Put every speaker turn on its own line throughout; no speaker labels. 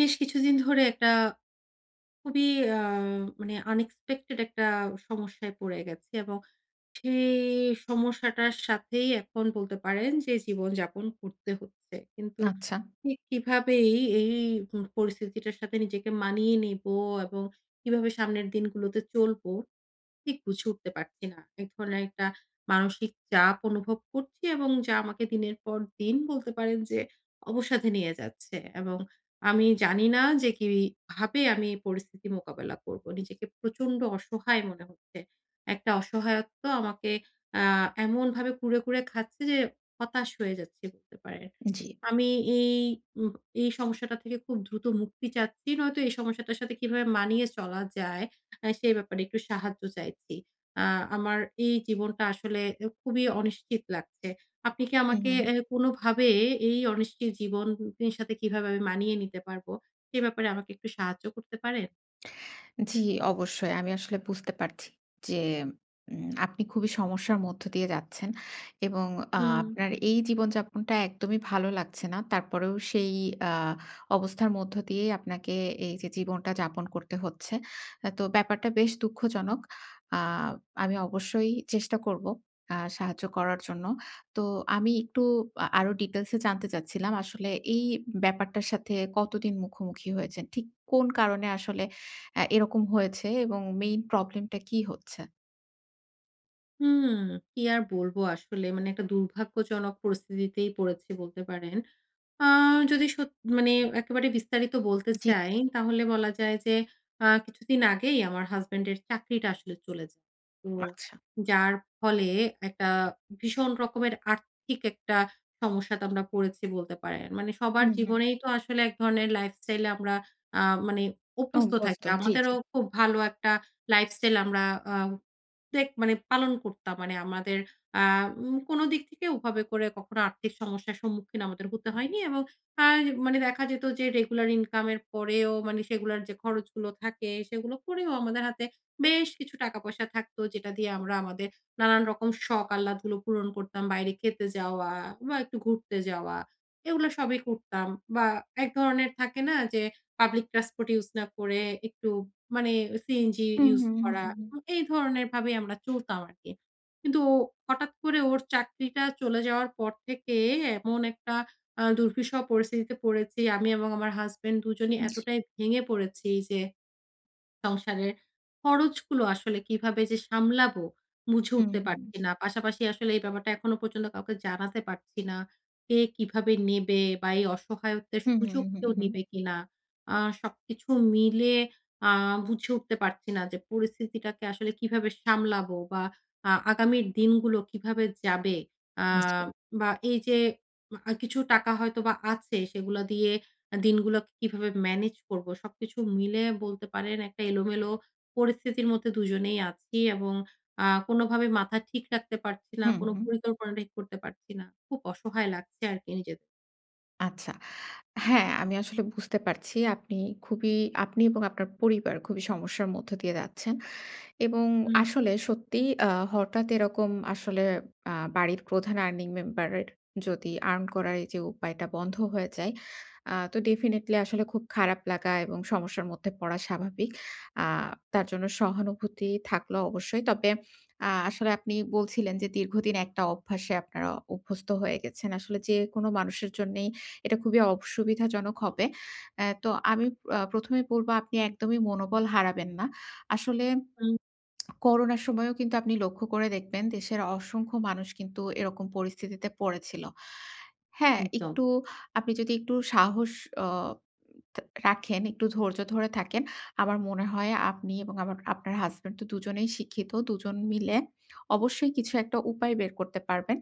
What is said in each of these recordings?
বেশ কিছুদিন ধরে একটা খুবই আ মানে আনএক্সপেক্টেড একটা সমস্যায় পড়ে গেছি এবং সেই সমস্যাটার সাথেই এখন বলতে পারেন যে জীবন-যাপন করতে হচ্ছে। কিন্তু
আচ্ছা।
ঠিক কিভাবে এই, এই হুম পরিস্থিতিটার সাথে নিজেকে মানিয়ে নিবো এবং কিভাবে সামনের দিনগুলোতে চলবো, ঠিক বুঝে উঠতে পারছি না। ১ ধরনের একটা মানসিক চাপ অনুভব করছি এবং যা আমাকে দিনের পর দিন বলতে পারেন যে অবসাদে নিয়ে যাচ্ছে এবং আমি জানি না যে কিভাবে আমি পরিস্থিতি মোকাবেলা করব। নিজেকে প্রচন্ড অসহায় মনে হচ্ছে। একটা অসহায়ত্ব আমাকে আ এমনভাবে কুরে, কুরে খাচ্ছে যে হতাশ হয়ে যাচ্ছি বলতে পারেন।
জি।
আমি এই উম এই সমস্যাটা থেকে খুব দ্রুত মুক্তি চাচ্ছি। নয়তো এই সমস্যাটার সাথে কিভাবে মানিয়ে চলা যায় আ সে ব্যাপারে একটু সাহায্য চাইছি। আ আমার এই জীবনটা আসলে অ্যা খুবই অনিশ্চিত লাগছে। আপনি কি আমাকে
উহুহুম।
অ্যা কোনোভাবে এই অনিশ্চিত জীবন ই সাথে কিভাবে আমি মানিয়ে নিতে পারবো? সে ব্যাপারে আমাকে একটু সাহায্য করতে পারেন?
জি, অবশ্যই। আমি আসলে বুঝতে পারছি। যে উম আপনি খুবই সমস্যার মধ্য দিয়ে যাচ্ছেন। এবং আ
হুম।
আপনার এই জীবনযাপনটা একদমই ভালো লাগছে না। তারপরেও সেই আ অবস্থার মধ্য দিয়েই আপনাকে এইযে জীবনটা যাপন করতে হচ্ছে। আ তো ব্যাপারটা বেশ দুঃখজনক। আ আমি অবশ্যই চেষ্টা করবো আ সাহায্য করার জন্য। তো আমি একটু আ আরো ডিটেইলসে জানতে চাচ্ছিলাম। আসলে, এই ব্যাপারটার সাথে কতদিন মুখোমুখি হয়েছেন, ঠিক কোন কারণে আসলে অ্যা এরকম হয়েছে? এবং মেইন প্রবলেমটা কি হচ্ছে?
হুম। কি আর বলবো? আসলে মানে একটা দুর্ভাগ্যজনক পরিস্থিতিতেই পড়েছি বলতে পারেন। আ যদি সত মানে একেবারে বিস্তারিত বলতে
জি।
চাই, তাহলে বলা যায় যে, আ কিছুদিন আগেই আমার হাসব্যান্ডের চাকরিটা আসলে চলে যায়। তো
আচ্ছা।
যার ফলে একটা ভীষণ রকমের আর্থিক একটা সমস্যাতে আমরা পড়েছি বলতে পারেন। মানে সবার
হুম, হুম।
জীবনেই তো আসলে এক ধরনের লাইফস্টাইলে আমরা আ মানে অভ্যস্থ
অভ্যস্ত।
থাকি।
জি, জি।
আমাদেরও খুব ভালো একটা লাইফস্টাইল আমরা আ ত পেক মানে পালন করতাম। মানে আমাদের এম কোন দিক থেকে ওভাবে করে কখনো আর্থিক সমস্যার সম্মুখীন আমাদের হতে হয়নি এবং আর মানে দেখা যেত যে, রেগুলার ইনকামের পরেও মানে সেগুলোর যে খরচগুলো থাকে, সেগুলো করেও আমাদের হাতে বেশ কিছু টাকা-পয়সা থাকতো। যেটা দিয়ে আমরা আমাদের নানান রকম শখ আহ্লাদগুলো পূরণ করতাম। বাইরে খেতে যাওয়া বা, একটু ঘুরতে যাওয়া। এগুলো সবই করতাম বা, এক ধরনের থাকে না? যে পাবলিক ট্রান্সপোর্ট ইউজ না করে একটু মানে সিএনজি
হুম,
ইউজ
হুম, হুম,
করা।
হুম।
উ এই ধরনের ভাবেই আমরা চলতাম আরকি। কিন্তু হঠাৎ করে ওর চাকরিটা চলে যাওয়ার পর থেকে এমন একটা আ দূর্বিষহ পরিস্থিতিতে পড়েছি। আমি এবং আমার হাসব্যান্ড ২ জনই
জি।
এতটাই ভেঙে পড়েছি যে, সংসারের খরচগুলো আসলে কিভাবে যে সামলাবো, বুঝে
হুম,
উঠতে
হুম।
পারছি না। পাশাপাশি আসলে এই ব্যাপারটা এখনো পর্যন্ত কাউকে জানাতে পারছি না। কে কিভাবে নেবে? বা এই অসহায়ত্বের
হুম, হুম,
সুযোগ
হুম,
কেউ
হুম।
নিবে কিনা? আ সবকিছু মিলে আ বুঝে উঠতে পারছি না যে পরিস্থিতিটাকে আসলে কিভাবে সামলাবো বা, আ আগামীর দিনগুলো কিভাবে যাবে? আ
জি।
বা, এইযে আ কিছু টাকা হয়তোবা আছে, সেগুলা দিয়ে আ দিনগুলোকে কিভাবে ম্যানেজ করবো? সবকিছু মিলায়া বলতে পারেন একটা এলোমেলো পরিস্থিতির মধ্যে ২ জনেই আছি এবং আ কোনোভাবে মাথা ঠিক রাখতে পারছি না,
হুম,
কোন
হুম।
পরিকল্পনা ঠিক করতে পারছি না। খুব অসহায় লাগছে আরকি নিজেদের।
আচ্ছা। হ্যাঁ আমি আসলে বুঝতে পারছি আপনি খুবই আপনি এবং আপনার পরিবার খুবই সমস্যার মধ্য দিয়ে যাচ্ছেন এবং
হুম।
আসলে সত্যি আ হঠাৎ এরকম আসলে আ বাড়ির প্রধান earning member এর যদি earn করার এই যে উপায়টা বন্ধ হয়ে যায়। আ তো ডেফিনিটলি আসলে খুব খারাপ লাগা এবং সমস্যার মধ্যে পড়া স্বাভাবিক। আ তার জন্য সহানুভূতি থাকল অবশ্যই। তবে আ আসলে আপনি বলছিলেন যে, দীর্ঘদিন একটা অভ্যাসে আপনারা অভ্যস্ত হয়ে গেছেন। আসলে যেকোনো মানুষের জন্যেই এটা খুবই অসুবিধাজনক হবে। এ তো আমি আ ১ম এই বলব, "আপনি একদমই মনোবল হারাবেন না।" আসলে
হুম।
করোনার সময়েও কিন্তু আপনি লক্ষ্য করে দেখবেন দেশের অসংখ্য মানুষ কিন্তু এরকম পরিস্থিতিতে পড়েছিল। হ্যাঁ
একদম।
একটু আপনি যদি একটু সাহস অ উম থা রাখেন, একটু ধৈর্য ধরে থাকেন। আমার মনে হয় আপনি এবং আমার আপনার হাসব্যান্ড তো দুজনেই শিক্ষিত। দুজন মিলে অবশ্যই কিছু একটা উপায় বের করতে পারবেন।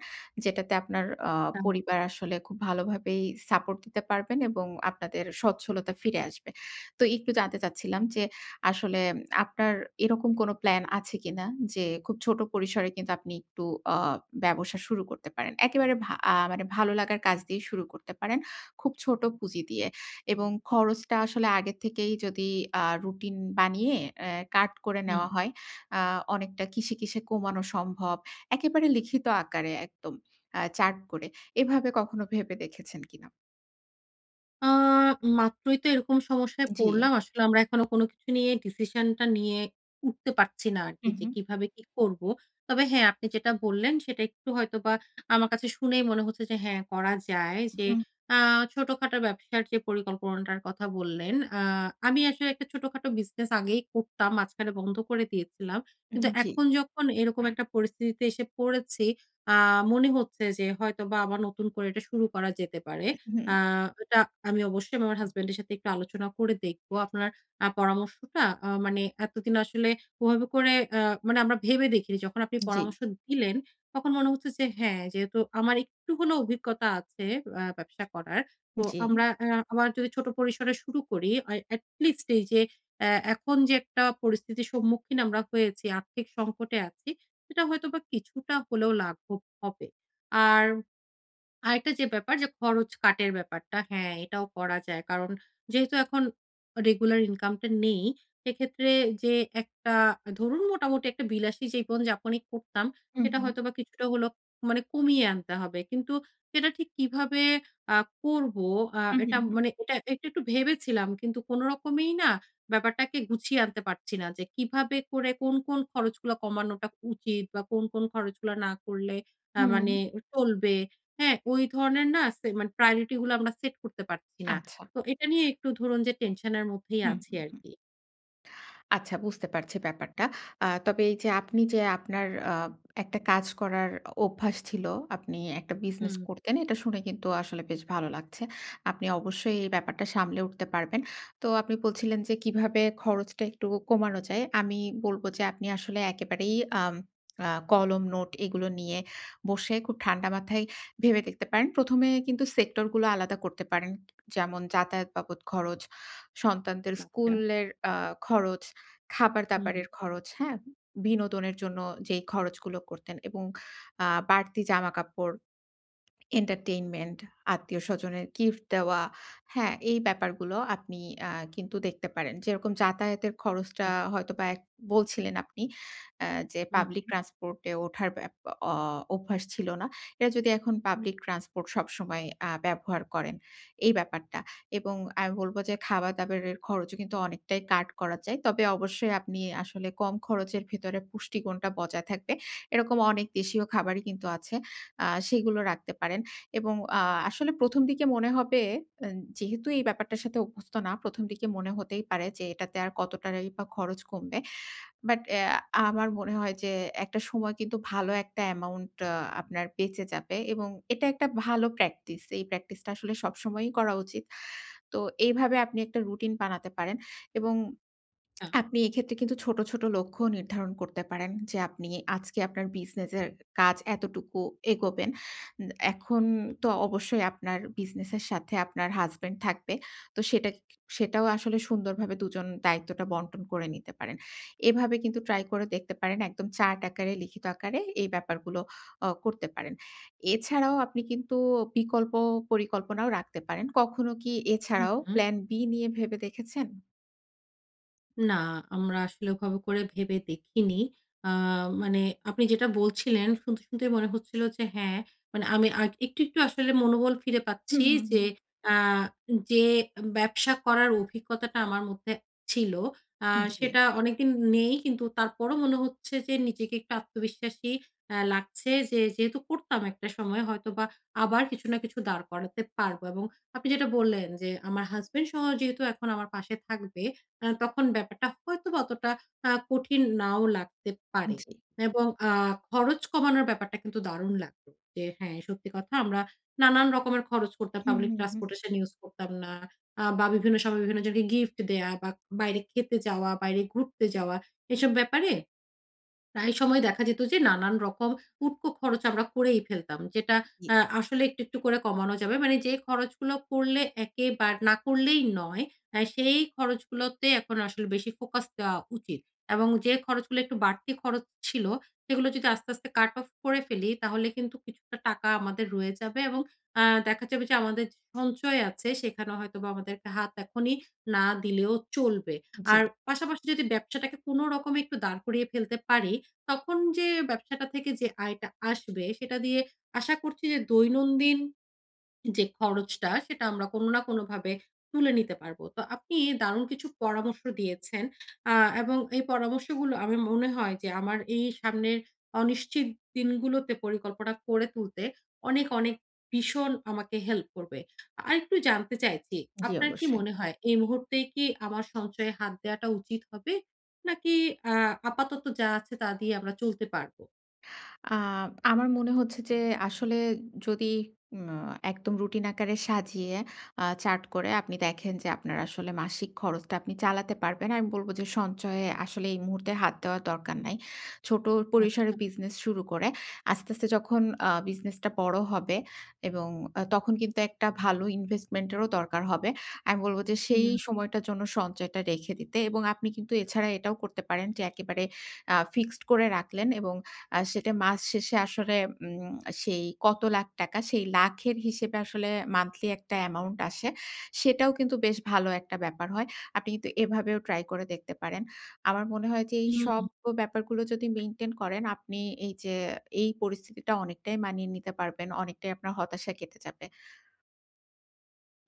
যেটাতে আপনার অ
[unintelligible]
পরিবার আসলে খুব ভালোভাবেই সাপোর্ট দিতে পারবেন এবং আপনাদের স্বচ্ছলতা ফিরে আসবে। তো একটু জানতে চাচ্ছিলাম যে, আসলে আপনার এরকম কোন প্ল্যান আছে কি না যে, খুব ছোট পরিসরে কিন্তু আপনি একটু অ ব্যবসা শুরু করতে পারেন? একেবারে ভা আ মানে ভালো লাগার কাজ দিয়েই শুরু করতে পারেন। খুব ছোট পুঁজি দিয়ে এবং খরচটা আসলে আগে থেকেই যদি আ রুটিন বানিয়ে অ্যা কাট করে
হুম।
নেওয়া হয়। আ অনেকটা কিসে, কিসে কমানো সম্ভব। একেবারে লিখিত আকারে একদম আ চার্ট করে। এভাবে কখনো ভেবে দেখেছেন কি না?
অ্যা মাত্রই তো এরকম সমস্যায়
জি।
পড়লাম আসলে আমরা এখনো কোন কিছু নিয়ে ডিসিশন টা নিয়ে উঠতে পারছি না আর কি
হুম,
যে,
হুম।
কিভাবে কি করব। তবে হ্যাঁ, আপনি যেটা বললেন সেটা একটু হয়তো বা আমার কাছে শুনেই মনে হচ্ছে যে হ্যাঁ করা যায় যে,
হুম।
অ্যা ছোটখাটো ব্যবসার যে পরিকল্পনাটার কথা বললেন। অ্যা আমি আসলে একটা ছোটখাটো বিজনেস আগেই করতাম। মাঝখানে বন্ধ করে দিয়েছিলাম।
উ
কিন্তু
হুম, জি।
এখন যখন এরকম একটা পরিস্থিতিতে এসে পড়েছি অ্যা মনে হচ্ছে যে, হয়তোবা আবার নতুন করে এটা শুরু করা যেতে পারে।
উ
অ্যা
হুম।
এটা আমি অবশ্যই আমি আমার হাসব্যান্ডের সাথে একটু আলোচনা করে দেখব। আপনার আ পরামর্শটা অ্যা মানে এতদিন আসলে ওভাবে করে অ্যা মানে আমরা ভেবে দেখিনি। যখন আপনি
জি।
পরামর্শ দিলেন তখন মনে হচ্ছে যে, হ্যাঁ, যেহেতু আমার একটু হলেও অভিজ্ঞতা আছে অ্যা ব্যবসা করার। তো
জি।
আমরা অ্যা আবার যদি ছোট পরিসরে শুরু করি, এ এটলিস্ট এই যে এ এখন যে একটা পরিস্থিতির সম্মুখীন আমরা হয়েছি, আর্থিক সংকটে আছি সেটা হয়তো বা কিছুটা হলেও লাঘব হবে। আর আরেকটা যে ব্যাপার যে, খরচ কাটের ব্যাপারটা, হ্যাঁ এটাও করা যায়। কারণ যেহেতু এখন রেগুলার ইনকামটা নেই, সেক্ষেত্রে যে একটা ধরুন মোটামুটি একটা বিলাসী জীবন-যাপনই করতাম,
হুম,
সেটা
হুম।
হয়তো বা কিছুটা হলো মানে কমিয়ে আনতে হবে। কিন্তু সেটা ঠিক কিভাবে অ্যা করবো আ
হুম,
এটা
হুম, হুম।
মানে এটা একটু, একটু ভেবেছিলাম কিন্তু কোন রকমেই না ব্যাপারটাকে গুছিয়ে আনতে পারছি না যে, কিভাবে করে কোন, কোন খরচগুলো কমানোটা উচিত বা কোন, কোন খরচগুলা না করলে আ
হুম।
মানে চলবে। হ্যাঁ? ঐ ধরনের না আছে, মানে priority গুলো আমরা সেট করতে পারছি না।
আচ্ছা।
তো এটা নিয়েই একটু ধরুন যে, টেনশন এর মধ্যেই
হুম,
আছি
হুম,
আর
হুম।
কি।
আচ্ছা বুঝতে পারছি ব্যাপারটা। অ্যা তবে এই যে আপনি যে, আপনার অ্যা একটা কাজ করার অ অভ্যাস ছিল, আপনি একটা বিজনেস
হুম।
করতেন, এটা শুনে কিন্তু আসলে বেশ ভালো লাগছে। আপনি অবশ্যই এই ব্যাপারটা সামলে উঠতে পারবেন। তো আপনি বলছিলেন যে, কিভাবে খরচটা একটু কমানো যায়। আমি বলব যে, আপনি আসলে একেবারেই আম অ্যা কলম, নোট এগুলো নিয়ে বসে খুব ঠান্ডা মাথায় ভেবে দেখতে পারেন। ১মে কিন্তু সেক্টরগুলো আলাদা করতে পারেন। যেমন যাতায়াত বাবদ খরচ, সন্তানদের
আচ্ছা।
স্কুলের অ্যা খরচ,
হুম, হুম।
খাবার-দাবারের খরচ, হ্যাঁ? বিনোদনের জন্য যেই খরচগুলো করতেন এবং অ্যা বাড়তি জামা-কাপড়, entertainment, আত্মীয়-স্বজনের গিফট দেওয়া, হ্যাঁ? এই ব্যাপারগুলো আপনি অ্যা কিন্তু দেখতে পারেন। যেরকম যাতায়াতের খরচটা
আচ্ছা।
হয়তোবা এক বলছিলেন আপনি অ্যা যে
হুম,
public
হুম।
transport এ ওঠার এপ অ অভ্যাস ছিল না। এরা যদি এখন public transport সবসময় অ্যা ব্যবহার করেন, এই ব্যাপারটা এবং আমি বলব যে, খাবার-দাবারের খরচও কিন্তু অনেকটাই কাট করা যায়। তবে অবশ্যই আপনি আসলে কম খরচের ভেতরে পুষ্টিগুণটা বজায় থাকবে এরকম অনেক দেশীয় খাবারই কিন্তু আছে অ্যা সেগুলো রাখতে পারেন এবং আ আসলে ১ম দিকে মনে হবে, আ যেহেতু এই ব্যাপারটার সাথে অভ্যস্ত না ১ম দিকে মনে হতেই পারে যে, এটাতে আর কত টাকাই বা খরচ কমবে বাট অ্যা আমার মনে হয় যে, একটা সময় কিন্তু ভালো একটা অ্যামাউন্ট আ আপনার বেঁচে যাবে এবং এটা একটা ভালো প্র্যাকটিস। এই প্র্যাকটিসটা আসলে সবসময়ই করা উচিত। তো এইভাবে আপনি একটা রুটিন বানাতে পারেন এবং
আ
আপনি এক্ষেত্রে কিন্তু ছোট, ছোট লক্ষ্য নির্ধারণ করতে পারেন, যে আপনি আজকে আপনার বিজনেস এর কাজ এতটুকু এগোবেন। উম এখন তো অবশ্যই আপনার বিজনেস এর সাথে আপনার হাসব্যান্ড থাকবে। তো সেটা সেটাও আসলে সুন্দরভাবে ২ জন দায়িত্বটা বন্টন করে নিতে পারেন। এভাবে কিন্তু ট্রাই করে দেখতে পারেন। একদম চার্ট আকারে লিখিত আকারে এই ব্যাপারগুলো অ করতে পারেন। এছাড়াও আপনি কিন্তু বিকল্প পরিকল্পনাও রাখতে পারেন। কখনো কি
হুম,
এছাড়াও
হুম।
plan B নিয়ে ভেবে দেখেছেন?
না, আমরা আসলে ওভাবে করে ভেবে দেখিনি। আ মানে আপনি যেটা বলছিলেন শুনতে, শুনতেই মনে হচ্ছিল যে হ্যাঁ, মানে আমি আ একটু, একটু আসলে মনোবল ফিরে
হুম,
পাচ্ছি।
হুম,
যে
হুম।
অ্যা যে ব্যবসা করার অভিজ্ঞতাটা আমার মধ্যে ছিল, আ
জ্বি।
সেটা অনেকদিন নেই। কিন্তু তারপরও মনে হচ্ছে যে নিজেকে একটু আত্মবিশ্বাসী আ লাগছে। যে যেহেতু করতাম একটা সময়, হয়তোবা আবার কিছু না কিছু দাঁড় করাতে পারবো এবং আপনি যেটা বললেন যে, আমার হাসব্যান্ডসহ যেহেতু এখন আমার পাশে থাকবে, আ তখন ব্যাপারটা হয়তোবা অতটা আ কঠিন নাও লাগতে পারে
জ্বি।
এবং আ খরচ কমানোর ব্যাপারটা কিন্তু দারুণ লাগলো। যে, হ্যাঁ, সত্যি কথা আমরা নানান রকমের খরচ করতাম,
হুম,
পাবলিক
হুম, হুম।
ট্রান্সপোর্টেশন ইউজ করতাম না। আ বা বিভিন্ন সময় বিভিন্ন জনকে গিফট দেয়া বা, বাইরে খেতে যাওয়া, বাইরে ঘুরতে
হুম।
যাওয়া। এসব ব্যাপারে প্রায় সময় দেখা যেত যে নানান রকম উটকো খরচ আমরা করেই ফেলতাম। যেটা
জ্বি।
আ আসলে একটু, একটু করে কমানো যাবে। মানে যে খরচগুলো করলে একেবার না করলেই নয়, সেই খরচগুলোতে এখন আসলে বেশি ফোকাস দেওয়া উচিত এবং যে খরচগুলো একটু বাড়তি খরচ ছিল, সেগুলো যদি আস্তে, আস্তে কাট অফ করে ফেলি, তাহলে কিন্তু কিছুটা টাকা আমাদের রয়ে যাবে এবং আ দেখা যাবে যে আমাদের যে সঞ্চয় আছে, সেখানে হয়তোবা আমাদেরকে হাত এখনই না দিলেও চলবে। আর
জ্বি।
পাশাপাশি যদি ব্যবসাটাকে কোনরকমে একটু দাঁড় করিয়ে ফেলতে পারি, তখন যে ব্যবসাটা থেকে যে আয়টা আসবে, সেটা দিয়ে আশা করছি যে দৈনন্দিন যে খরচটা, সেটা আমরা কোনো না কোনোভাবে তুলে নিতে পারবো। তো আপনি দারুণ কিছু পরামর্শ দিয়েছেন। আ এবং এই পরামর্শগুলো আমি মনে হয় যে আমার এই সামনের অনিশ্চিত দিনগুলোতে পরিকল্পনা করে তুলতে অনেক, অনেক ভীষণ আমাকে হেল্প করবে। আরেকটু জানতে চাইছি,
জ্বি,
আপনার কি
অবশ্যই।
মনে হয় এই মুহূর্তে কি আমার সঞ্চয়ে হাত দেয়াটা উচিত হবে? নাকি আ আপাতত যা আছে, তা দিয়ে আমরা চলতে পারবো?
আ আমার মনে হচ্ছে যে আসলে যদি উমা একদম রুটিন আকারে সাজিয়ে, আ চার্ট করে আপনি দেখেন যে আপনার আসলে মাসিক খরচটা আপনি চালাতে পারবেন, আমি বলব যে, "সঞ্চয়ে আসলে এই মুহূর্তে হাত দেওয়া দরকার নাই।" ছোট পরিসরে
আচ্ছা।
বিজনেস শুরু করে আস্তে, আস্তে যখন আ বিজনেসটা বড় হবে এবং আ তখন কিন্তু একটা ভালো ইনভেস্টমেন্ট এরও দরকার হবে। আমি বলব যে, "সেই
হুম।
সময়টার জন্য সঞ্চয়টা রেখে দিতে" এবং আপনি কিন্তু এছাড়া এটাও করতে পারেন যে, একেবারে আ ফিক্সড করে রাখলেন এবং আ সেটা মাস শেষে আসলে উম সেই কত লাখ টাকা, সেই লাখের হিসেবে আসলে মান্থলি একটা এমাউন্ট আসে। সেটাও কিন্তু বেশ ভালো একটা ব্যাপার হয়। আপনি কিন্তু এভাবেও ট্রাই করে দেখতে পারেন। আমার মনে হয় যে এই
হুম,
সব
হুম।
ক ব্যাপারগুলো যদি মেইনটেন করেন আপনি এইযে এই পরিস্থিতিটা অনেকটাই মানিয়ে নিতে পারবেন, অনেকটাই আপনার হতাশা কেটে যাবে।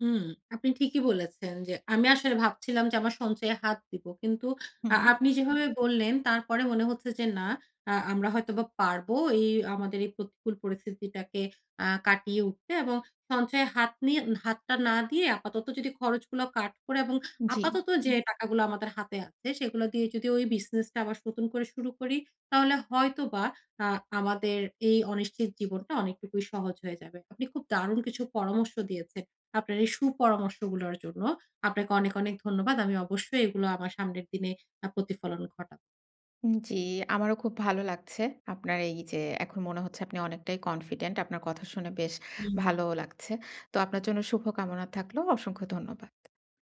হুম। আপনি ঠিকই বলেছেন যে আমি আসলে ভাবছিলাম যে আমার সঞ্চয়ে হাত দিবো। কিন্তু
হুম,
আ
হুম।
আপনি যেভাবে বললেন তারপরে মনে হচ্ছে যে, "না আ আমরা হয়তো বা পারবো এই আমাদের এই প্রতিকূল পরিস্থিতিটাকে আ কাটিয়ে উঠতে" এবং সঞ্চয়ে হাত নিয়ে হাতটা না দিয়ে আপাতত যদি খরচগুলো কাট করে এবং
জি।
আপাতত যে টাকাগুলো আমাদের হাতে আছে, সেগুলা দিয়ে যদি ওই বিজনেসটা আবার নতুন করে শুরু করি, তাহলে হয়তোবা আ আমাদের এই অনিশ্চিত জীবনটা অনেকটুকুই সহজ হয়ে যাবে। আপনি খুব দারুণ কিছু পরামর্শ দিয়েছেন! আপনার এই সুপরামর্শগুলোর জন্য আপনাকে অনেক, অনেক ধন্যবাদ। আমি অবশ্যই এগুলো আমার সামনের দিনে আ প্রতিফলন ঘটা
উম জি। আমারও খুব ভালো লাগছে। আপনার এইযে এখন মনে হচ্ছে আপনি অনেকটাই কনফিডেন্ট। আপনার কথা শুনে বেশ
হুম।
ভালোও লাগছে। তো আপনার জন্য শুভ কামনা থাকলো। অসংখ্য ধন্যবাদ।